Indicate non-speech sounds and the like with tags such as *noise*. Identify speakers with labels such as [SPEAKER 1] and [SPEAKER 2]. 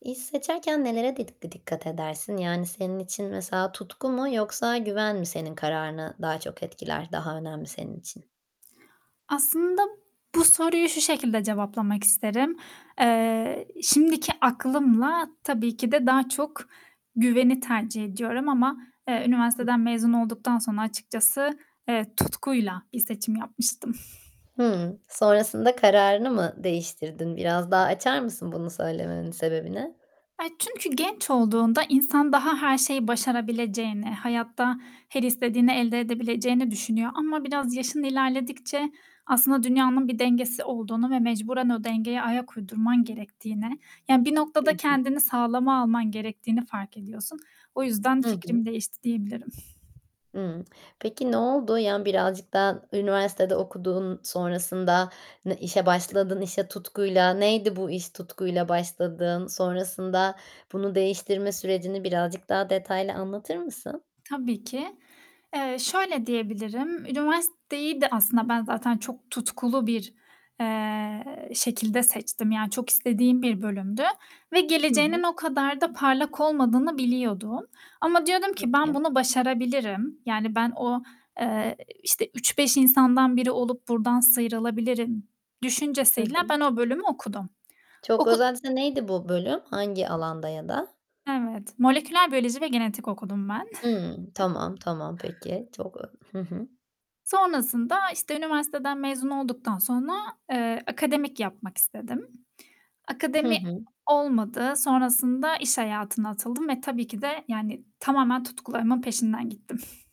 [SPEAKER 1] İş seçerken nelerede di dikkat edersin? Yani, senin için mesela; tutku mu yoksa güven mi, senin kararını daha çok etkiler, daha önemli senin için?
[SPEAKER 2] Aslında bu soruyu şu şekilde cevaplamak isterim. Eee, şimdiki aklımla, tabii ki de daha çok güveni tercih ediyorum ama, eee,
[SPEAKER 1] I
[SPEAKER 2] üniversiteden mezun olduktan sonra açıkçası, evet tutkuyla bir seçim yapmıştım.
[SPEAKER 1] Hımm, sonrasında kararını mı değiştirdin? Biraz daha açar mısın bunu söylemenin sebebini?
[SPEAKER 2] Eee, çünkü genç olduğunda insan daha her şeyi başarabileceğini, hayatta her istediğini elde edebileceğini düşünüyor ama biraz yaşın ilerledikçe aslında dünyanın bir dengesi olduğunu ve mecburen o dengeye ayak uydurman gerektiğini, yani bir
[SPEAKER 1] Hı
[SPEAKER 2] noktada
[SPEAKER 1] hı.
[SPEAKER 2] kendini sağlama alman gerektiğini fark ediyorsun. O yüzden
[SPEAKER 1] Hı
[SPEAKER 2] fikrim
[SPEAKER 1] hı.
[SPEAKER 2] değişti diyebilirim.
[SPEAKER 1] Hımm, peki noldu? Ya birazcık daha üniversitede okuduğun sonrasında ne işe başladın, işe tutkuyla. Neydi bu iş tutkuyla başladığın? Sonrasında bunu değiştirme sürecini birazcık daha detaylı anlatır mısın?
[SPEAKER 2] Tabii ki. Eee, şöyle diyebilirim, üniversiteyi de aslında ben zaten çok tutkulu bir, eee, şekilde seçtim, yani çok istediğim bir bölümdü ve
[SPEAKER 1] Hı
[SPEAKER 2] geleceğinin
[SPEAKER 1] hı.
[SPEAKER 2] o kadar da parlak olmadığını biliyordum ama diyordum ki, "Ben
[SPEAKER 1] Peki.
[SPEAKER 2] bunu başarabilirim." yani, ben o, eee, işte 3-5 insandan biri olup buradan sıyrılabilirim
[SPEAKER 1] Hı
[SPEAKER 2] düşüncesiyle
[SPEAKER 1] hı.
[SPEAKER 2] ben o bölümü okudum.
[SPEAKER 1] Çok
[SPEAKER 2] Oku
[SPEAKER 1] özelse neydi bu bölüm, hangi alanda ya da?
[SPEAKER 2] Evet, moleküler biyoloji ve genetik okudum ben.
[SPEAKER 1] Hımm,
[SPEAKER 2] *chuckles*
[SPEAKER 1] tamam, tamam, peki. Çok, ı hı hı.
[SPEAKER 2] Sonrasında, işte üniversiteden mezun olduktan sonra, eee, akademik yapmak istedim.
[SPEAKER 1] Hı
[SPEAKER 2] Akademi
[SPEAKER 1] hı.
[SPEAKER 2] olmadı. Sonrasında iş hayatına atıldım ve tabii ki de, yani tamamen tutkularımın peşinden gittim.